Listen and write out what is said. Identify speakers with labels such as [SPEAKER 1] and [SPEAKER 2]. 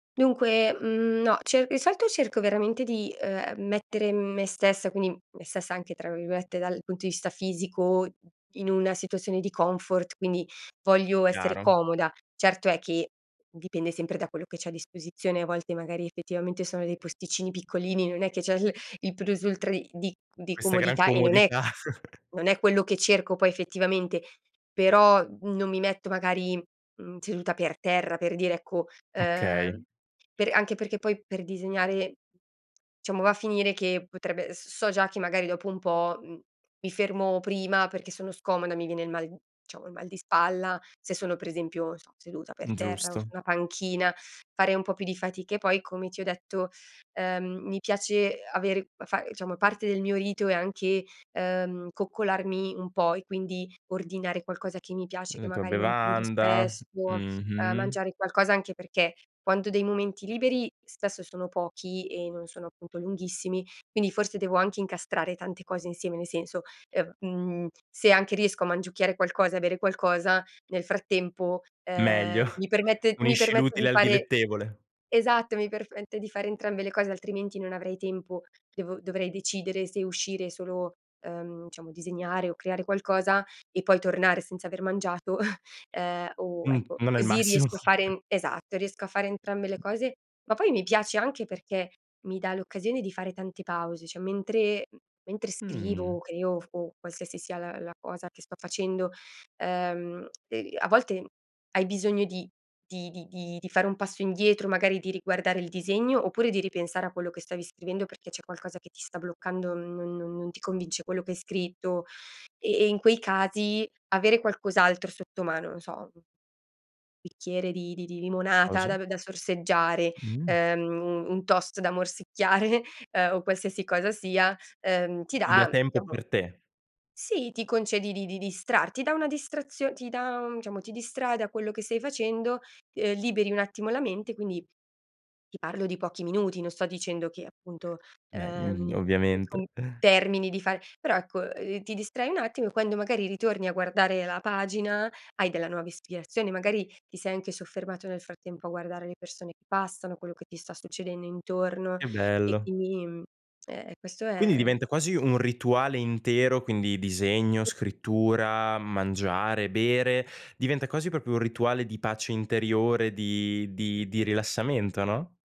[SPEAKER 1] Dunque, mhmm, no, cer di solito cerco veramente di uhm, ehm, mettere me stessa, quindi me stessa anche tra virgolette "dal punto di vista fisico," in una situazione di comfort, quindi voglio essere
[SPEAKER 2] Chiaro.
[SPEAKER 1] comoda. Certo è che dipende sempre da quello che c'è a disposizione. A volte magari effettivamente sono dei posticini piccolini, non è che c'è il il plus-ultra di di di
[SPEAKER 2] Questa gran
[SPEAKER 1] comodità e non è
[SPEAKER 2] comodità.
[SPEAKER 1] non è quello che cerco poi effettivamente. Però, uhm, non mi metto magari, mhmm, seduta per terra per dire ecco,
[SPEAKER 2] Okay.
[SPEAKER 1] ehm. Per anche perché poi per disegnare diciamo va a finire che potrebbe s so già che magari dopo un po', uhm, mi fermo prima perché sono scomoda, mi viene il mal uhm, diciamo il mal di spalla, se sono per esempio, non so, seduta per
[SPEAKER 2] Mh,
[SPEAKER 1] terra o su
[SPEAKER 2] giusto.
[SPEAKER 1] una panchina, fare un po' più di fatica e poi come ti ho detto, ehm, mi piace avere fa diciamo parte del mio rito è anche, ehm, coccolarmi un po' e quindi ordinare qualcosa che mi piace, che
[SPEAKER 2] La tua
[SPEAKER 1] magari non prendo
[SPEAKER 2] bevanda,
[SPEAKER 1] spesso, ehm,
[SPEAKER 2] mh-mh.
[SPEAKER 1] mangiare qualcosa anche perché quando ho dei momenti liberi spesso sono pochi e non sono appunto lunghissimi, quindi forse devo anche incastrare tante cose insieme, nel senso, ehm, mhmm, se anche riesco a mangiucchiare qualcosa e a bere qualcosa, nel frattempo, ehm,
[SPEAKER 2] Meglio,
[SPEAKER 1] mi permette mi
[SPEAKER 2] unisci
[SPEAKER 1] permette
[SPEAKER 2] l'utile
[SPEAKER 1] di
[SPEAKER 2] al
[SPEAKER 1] fare
[SPEAKER 2] dilettevole.
[SPEAKER 1] esatto, mi perfette di fare entrambe le cose, altrimenti non avrei tempo. Devo dovrei decidere se uscire solo, ehm, diciamo disegnare o creare qualcosa e poi tornare senza aver mangiato, ehm, o
[SPEAKER 2] Mh,
[SPEAKER 1] ecco
[SPEAKER 2] non è il
[SPEAKER 1] così
[SPEAKER 2] massimo.
[SPEAKER 1] riesco a fare esatto, riesco a fare entrambe le cose. Ma poi mi piace anche perché mi dà l'occasione di fare tante pause, cioè, mentre uhm, mentre
[SPEAKER 2] Mh.
[SPEAKER 1] scrivo, o creo, o f o qualsiasi sia la la cosa che sto facendo, ehm, e a volte hai bisogno di di di di di fare un passo indietro, magari di riguardare il disegno, oppure di ripensare a quello che stavi scrivendo perché c'è qualcosa che ti sta bloccando, non non non ti convince quello che hai scritto. E e in quei casi avere qualcos'altro sotto mano, non so bicchiere di di di limonata da
[SPEAKER 2] Osa?
[SPEAKER 1] v da sorseggiare,
[SPEAKER 2] Mh.
[SPEAKER 1] ehm, u un toast da morsicchiare, ehm, o qualsiasi cosa sia, ehm, ti
[SPEAKER 2] Ti dà
[SPEAKER 1] dà,
[SPEAKER 2] tempo
[SPEAKER 1] diciamo
[SPEAKER 2] per te.
[SPEAKER 1] Sì, ti concedi di di distrar ti dà una distrazio ti dà, diciamo, ti distrae da quello che stai facendo, ehm, liberi un attimo la mente, quindi ti parlo di pochi minuti, non sto dicendo che appunto,
[SPEAKER 2] Beh, mhmm,
[SPEAKER 1] ehm,
[SPEAKER 2] ovviamente.
[SPEAKER 1] ecco termini di fare però ecco, uhm, ti distrai un attimo e quando magari ritorni a guardare la pagina, hai della nuova ispirazione, magari ti sei anche soffermato nel frattempo a guardare le persone che passano, quello che ti sta succedendo intorno,
[SPEAKER 2] Che
[SPEAKER 1] e
[SPEAKER 2] bello.
[SPEAKER 1] quindi, mhmm, e e questo
[SPEAKER 2] Quindi
[SPEAKER 1] è
[SPEAKER 2] diventa quasi un rituale intero, quindi: disegno, scrittura, mangiare, bere, diventa quasi proprio un rituale di pace interiore, di di di rilassamento, no?